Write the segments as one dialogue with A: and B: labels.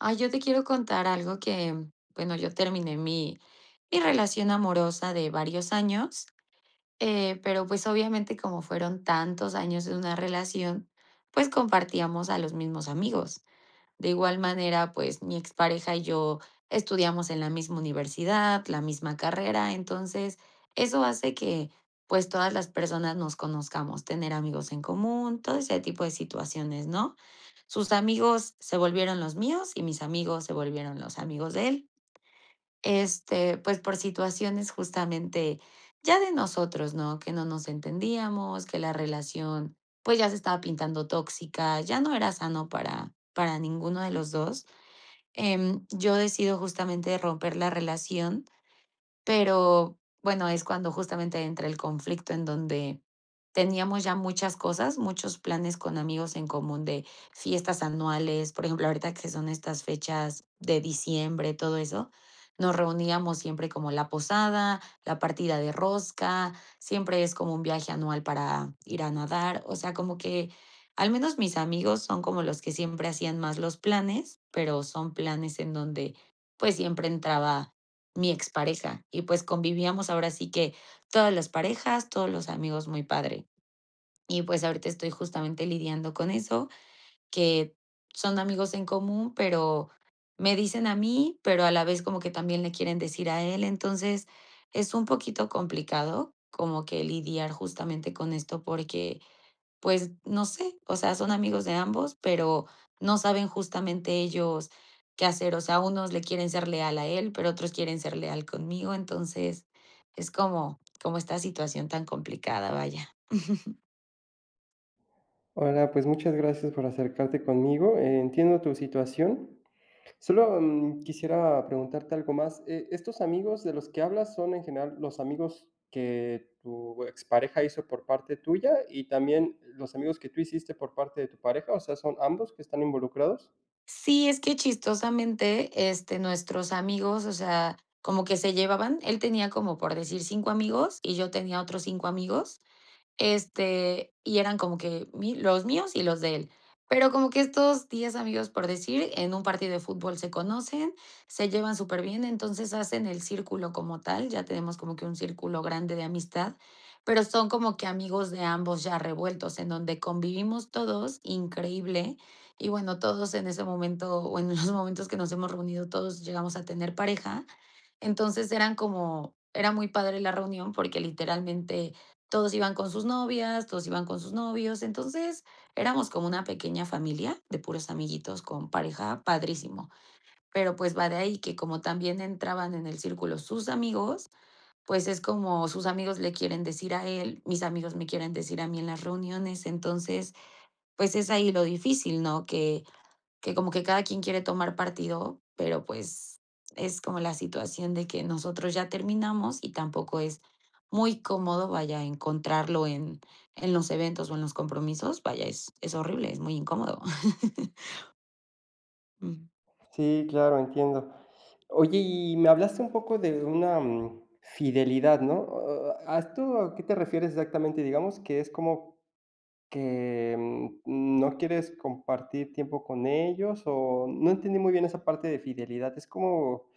A: Ay, yo te quiero contar algo que, bueno, yo terminé mi mi relación amorosa de varios años, eh, pero, pues, obviamente, como fueron tantos años de una relación, pues, compartíamos a los mismos amigos. De igual manera, pues, mi expareja y yo estudiamos en la misma universidad, la misma carrera. Entonces, eso hace que, pues, todas las personas nos conozcamos, tener amigos en común, todo ese tipo de situaciones, ¿no? Sus amigos se volvieron los míos y mis amigos se volvieron los amigos de él. Este, pues por situaciones justamente ya de nosotros, ¿no?, que no nos entendíamos, que la relación, pues ya se estaba pintando tóxica, ya no era sano para para ninguno de los dos. Em, yo decido justamente romper la relación, pero bueno, es cuando justamente entra el conflicto en donde teníamos ya muchas cosas, muchos planes con amigos en común de fiestas anuales por ejemplo, ahorita que son estas fechas de diciembre, todo eso, nos reuníamos siempre como la posada, la partida de rosca, siempre es como un viaje anual para ir a nadar. O sea, como que al menos mis amigos son como los que siempre hacían más los planes, pero son planes en donde, pues siempre entraba mi expareja y pues convivíamos ahora sí que todas las parejas, todos los amigos muy padre. Y pues ahorita estoy justamente lidiando con eso, que son amigos en común, pero me dicen a mí, pero a la vez como que también le quieren decir a él. Entonces, es un poquito complicado como que lidiar justamente con esto porque, pues, no sé, o sea, son amigos de ambos, pero, no saben justamente ellos qué hacer. O sea, unos le quieren ser leal a él, pero otros quieren ser leal conmigo. Entonces, es como como esta situación tan complicada, vaya.
B: Hola, pues muchas gracias por acercarte conmigo, e entiendo tu situación, sólo, mm, quisiera preguntarte algo más, eh, estos amigos de los que hablas, ¿son en general los amigos que tu expareja hizo por parte tuya y también los amigos que tú hiciste por parte de tu pareja, o sea, son ambos que están involucrados?
A: Sí, es que chistosamente, este, nuestros amigos, o sea, como que se llevaban él tenía como por decir 5 amigos y yo tenía otros 5 amigos, este, y eran como que mi los míos y los de él, pero como que estos 10 amigos, por decir, en un partido de fútbol se conocen, se llevan superbién, entonces hacen el círculo como tal, ya tenemos como que un círculo grande de amistad, pero son como que amigos de ambos ya revueltos, en donde convivimos todos increíble. Y bueno, todos en ese momento, bueno, en momentos que nos hemos reunido, todos llegamos a tener pareja. Entonces eran como era muy padre la reunión porque literalmente todos iban con sus novias, todos iban con sus novios. Entonces éramos como una pequeña familia de puros amiguitos con pareja padrísimo. Pero, pues, va de ahí que como también entraban en el círculo sus amigos, pues es como, sus amigos le quieren decir a él, mis amigos me quieren decir a mí en las reuniones. Entonces, pues es ahí lo difícil, ¿no?, que que como que cada quien quiere tomar partido, pero pues es como la situación de que nosotros ya terminamos y tampoco es muy cómodo, vaya, encontrarlo en en los eventos o en los compromisos. Vaya, es es horrible, es muy incómodo. Mm.
B: Sí, claro, entiendo. Oye, y me hablaste un poco de una fidelidad, ¿no? ¿A a a esto qué te refieres exactamente? Digamos que es como que, mm, no quieres compartir tiempo con ellos o no entendí muy bien esa parte de fidelidad, ¿es como,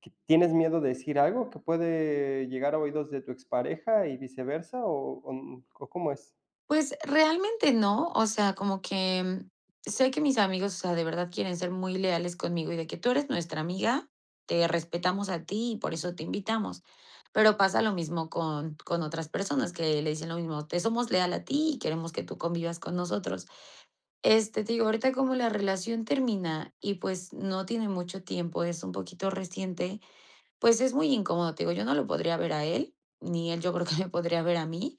B: que tienes miedo de decir algo que puede llegar a oídos de tu expareja y viceversa o o, mm, o cómo es?
A: Pues, realmente no, o sea, como que sé que mis amigos, o sea, de verdad quieren ser muy leales conmigo y de que: "Tú eres nuestra amiga, te respetamos a ti y por eso te invitamos". Pero pasa lo mismo con con otras personas que le dicen lo mismo: "Te somos leal a ti y queremos que tú convivas con nosotros". Este, te digo, ahorita como la relación termina y, pues, no tiene mucho tiempo, es un poquito reciente, pues, es muy incómodo, te digo, yo no lo podría ver a él, ni él yo creo que me podría ver a mí.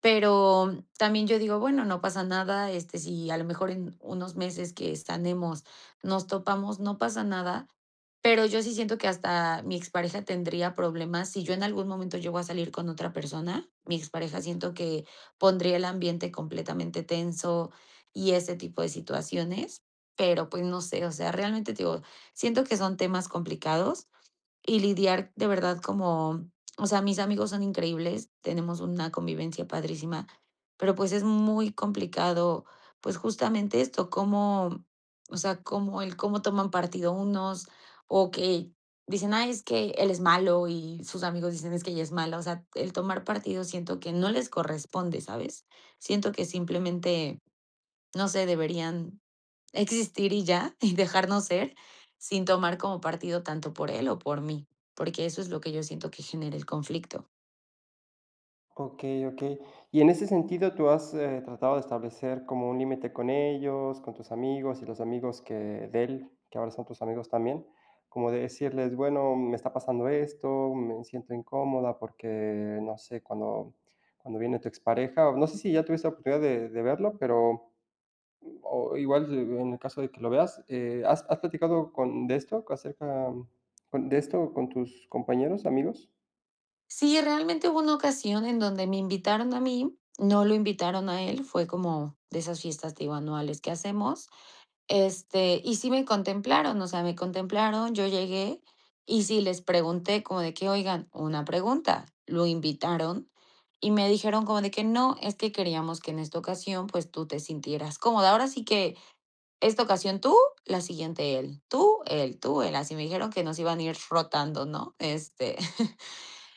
A: Pero también yo digo: "Bueno, no pasa nada. Este, si a lo mejor en unos meses que sanemos, nos topamos, no pasa nada", pero yo sí siento que hasta mi expareja tendría problemas, si yo en algún momento llego a salir con otra persona, mi expareja siento que pondría el ambiente completamente tenso y ese tipo de situaciones, pero pues no sé, o sea, realmente, te digo, siento que son temas complicados y lidiar de verdad como, o sea, mis amigos son increíbles, tenemos una convivencia padrísima, pero pues, es muy complicado, pues, justamente esto, cómo, o sea, cómo el cómo toman partido unos o que dicen: "Ay, es que él es malo", y sus amigos dicen: "Es que ella es mala". O sea, el tomar partido siento que no les corresponde, ¿sabes? Siento que simplemente, no sé, deberían existir y ya, y dejarnos ser, sin tomar como partido tanto por él o por mí, porque eso es lo que yo siento que genera el conflicto.
B: Okey, okey. Y en ese sentido, ¿tú has, eh, tratado de establecer como un límite con ellos, con tus amigos y los amigos que de él, que ahora son tus amigos también? Como de decirles: "Bueno, me está pasando esto, me siento incómoda porque, no sé, cuando cuando viene tu expareja", o no sé si ya tuviste oportunidad de de verlo, pero, o igual, en el caso de que lo veas eh, ¿has has platicado con de esto acerca con de esto con tus compañeros, amigos?
A: Sí, realmente hubo una ocasión en donde me invitaron a mí, no lo invitaron a él, fue como de esas fiestas, te digo, anuales que hacemos. Este, y sí me contemplaron, o sea, me contemplaron, yo llegué y sí les pregunté como de que: "Oigan, una pregunta, ¿lo invitaron?". Y me dijeron como de que: "No, es que queríamos que en esta ocasión, pues tú te sintieras cómoda. Ahora sí que esta ocasión tú, la siguiente él. Tú, él, tú, él", así, me dijeron que nos iban ir rotando, ¿no? Este,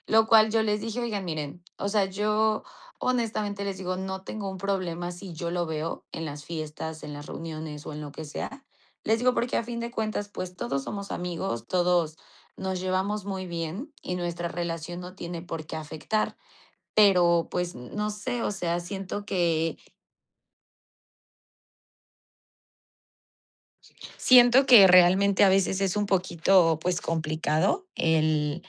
A: lo cual yo les dije: "Oigan, miren, o sea, yo honestamente les digo, no tengo un problema si yo lo veo en las fiestas, en las reuniones o en lo que sea. Les digo porque a fin de cuentas, pues todos somos amigos, todos nos llevamos muy bien y nuestra relación no tiene por qué afectar, pero pues no sé, o sea, siento que" "siento que realmente a veces es un poquito, pues complicado el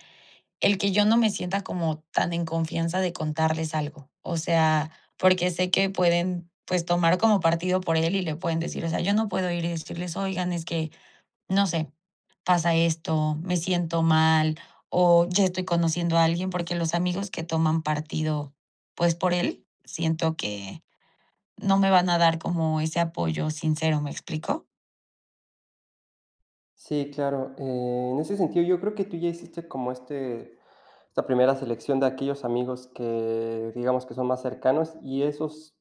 A: el que yo no me sienta como tan en confianza de contarles algo. O sea, porque sé que pueden, pues, tomar como partido por él y le pueden decir", o sea, yo no puedo ir y decirles: "Oigan, es que no sé, pasa esto, me siento mal o ya estoy conociendo a alguien", porque los amigos que toman partido, pues por él siento que no me van a dar como ese apoyo sincero, ¿me explico?
B: Sí, claro. En ese sentido, yo creo que tú ya hiciste como este, esta primera selección de aquellos amigos que, digamos, que son más cercanos y esos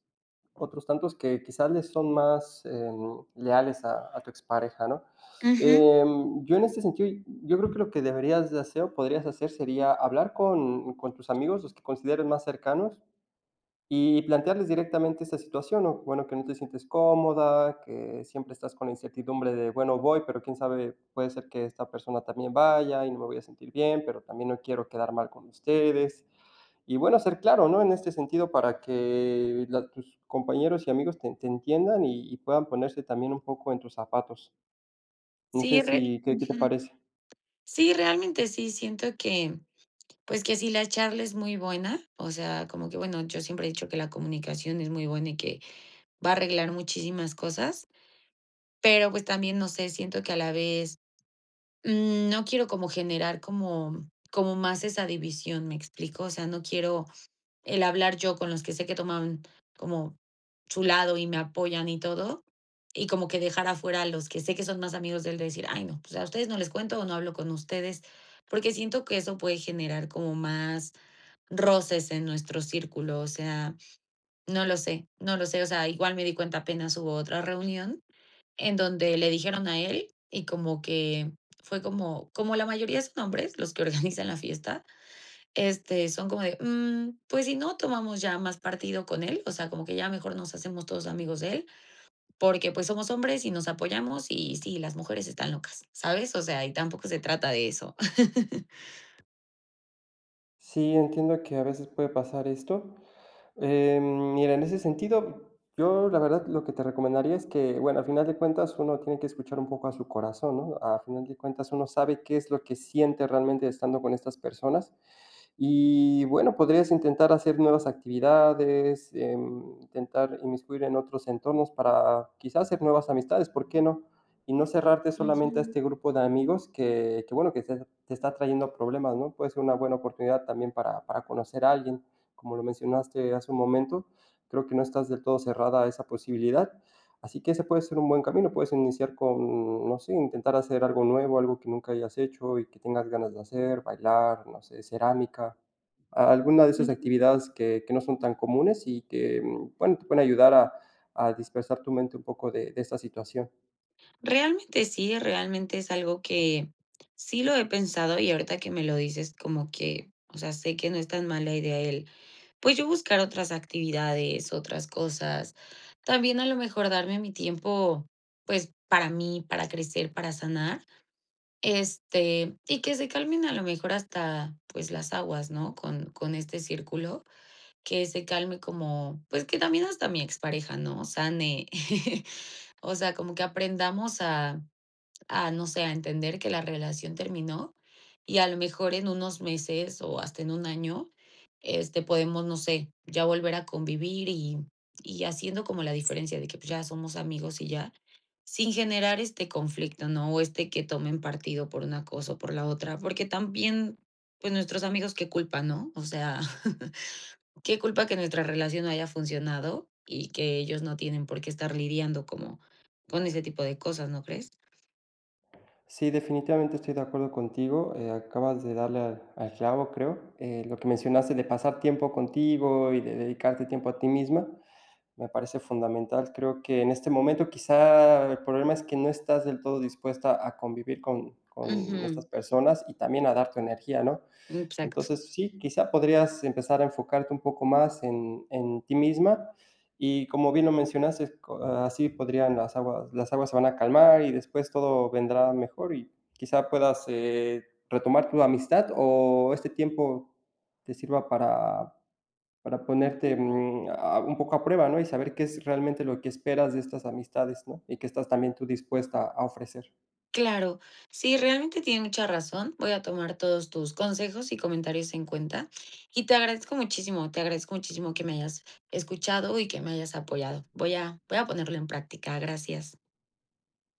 B: otros tantos que quizás les son más, eh, leales a a tu expareja, ¿no?
A: Ujú.
B: Eh, yo en este sentido, yo creo que lo que deberías de hacer o podrías hacer sería hablar con con tus amigos, los que consideres más cercanos, y plantearles directamente esa situación, ¿no? Bueno, que no te sientes cómoda, que siempre estás con la incertidumbre de: "Bueno, voy, pero quién sabe, puede ser que esta persona también vaya y no me voy a sentir bien, pero también no quiero quedar mal con ustedes". Y bueno, ser claro, ¿no? En este sentido, para que la tus compañeros y amigos ten te entiendan y y puedan ponerse también un poco en tus zapatos. No sé
A: Sí, re
B: si ¿qué qué te
A: Ujú,
B: parece?
A: sí, realmente sí siento que, pues que sí, la charla es muy buena. O sea, como que, bueno, yo siempre he dicho que la comunicación es muy buena y que va a arreglar muchísimas cosas. Pero, pues también, no sé, siento que a la vez, mm, no quiero como generar como como más esa división, ¿me explico? O sea, no quiero el hablar yo con los que sé que toman como su lado y me apoyan y todo, y como que dejar afuera a los que sé que son más amigos de él, de decir: "Ay, no, pues a ustedes no les cuento o no hablo con ustedes", porque siento que eso puede generar como más roces en nuestro círculo. O sea, no lo sé, no lo sé. O sea, igual me di cuenta, apenas hubo otra reunión en donde le dijeron a él y como que fue como como la mayoría son hombres los que organizan la fiesta, este, son como de: "Mm, pues si no tomamos ya más partido con él, o sea, como que ya mejor nos hacemos todos amigos de él, porque pues somos hombres y nos apoyamos y sí, las mujeres están locas", ¿sabes? O sea, y tampoco se trata de eso.
B: Sí, entiendo que a veces puede pasar esto. Eh, mira, en ese sentido, yo, la verdad, lo que te recomendaría es que, bueno, al final de cuentas, uno tiene que escuchar un poco a su corazón, ¿no? A final de cuentas uno sabe qué es lo que siente realmente estando con estas personas. Y bueno, podrías intentar hacer nuevas actividades, em, intentar inmiscuir en otros entornos para quizás haces nuevas amistades, ¿por qué no? Y no cerrarte solamente a
A: Ujú.
B: este grupo de amigos que que bueno que se te está trayendo problemas, ¿no? Puede ser una buena oportunidad también para para conocer a alguien. Como lo mencionaste hace un momento. Creo que no estás del todo cerrada a esa posibilidad. Así que ese puede ser un buen camino, puedes iniciar con, no sé, intentar hacer algo nuevo, algo que nunca hayas hecho y que tengas ganas de hacer, bailar, o hacer cerámica. A, alguna de esas
A: Ujú.
B: actividades que que no son tan comunes y que, bueno, te pueden ayudar a a dispersar tu mente un poco de de esa situación.
A: Realmente sí, realmente es algo que, sí lo he pensado y ahorita que me lo dices como que, o sea, sé que no es tan mala idea el, pues yo buscar otras actividades, otras cosas. También a lo mejor darme mi tiempo, pues, para mí, para crecer, para sanar. Este, y que se calmen a lo mejor hasta, pues las aguas, ¿no? Con con este círculo, que se calme como pues que también hasta mi expareja, ¿no?, sane. O sea, como que aprendamos a a, no sé, a entender que la relación terminó y a lo mejor en unos meses o hasta en 1 año, este, podemos, no sé, ya volver a convivir y y haciendo como la diferencia de que pues ya somos amigos y ya, sin generar este conflicto, ¿no?, o este que tomen partido por una cosa o por la otra. Porque también, pues nuestros amigos, ¿qué culpa, no? O sea, ¿qué culpa que nuestra relación no haya funcionado? Y que ellos no tienen por qué estar lidiando como, con ese tipo de cosas, ¿no crees?
B: Sí, definitivamente estoy de acuerdo contigo, eh, acabas de darle al al clavo, creo. Eh, lo que mencionaste de pasar tiempo contigo y de dedicarte tiempo a ti misma me parece fundamental. Creo que en este momento quizá el problema es que no estás del todo dispuesta a convivir con con estas
A: Ujú.
B: personas y también a dar tu energía, ¿no?
A: Mm, exacto.
B: Entonces, sí, quizá podrías empezar a enfocarte un poco más en en ti misma, y como bien lo mencionaste co así podrían las aguas las aguas se van a calmar y después todo vendrá mejor y quizá puedas, eh, retomar tu amistad o este tiempo te sirva para para ponerte,
A: Ujú.
B: mm, ah, un poco a prueba, ¿no? Y saber qué es realmente lo que esperas de estas amistades, ¿no? Y qué estás también tú dispuesta a ofrecer.
A: Claro. Sí, realmente tiene mucha razón. Voy a tomar todos tus consejos y comentarios en cuenta y te agradezco muchísimo. Te agradezco muchísimo que me hayas escuchado y que me hayas apoyado. Voy a voy a ponerlo en práctica. Gracias.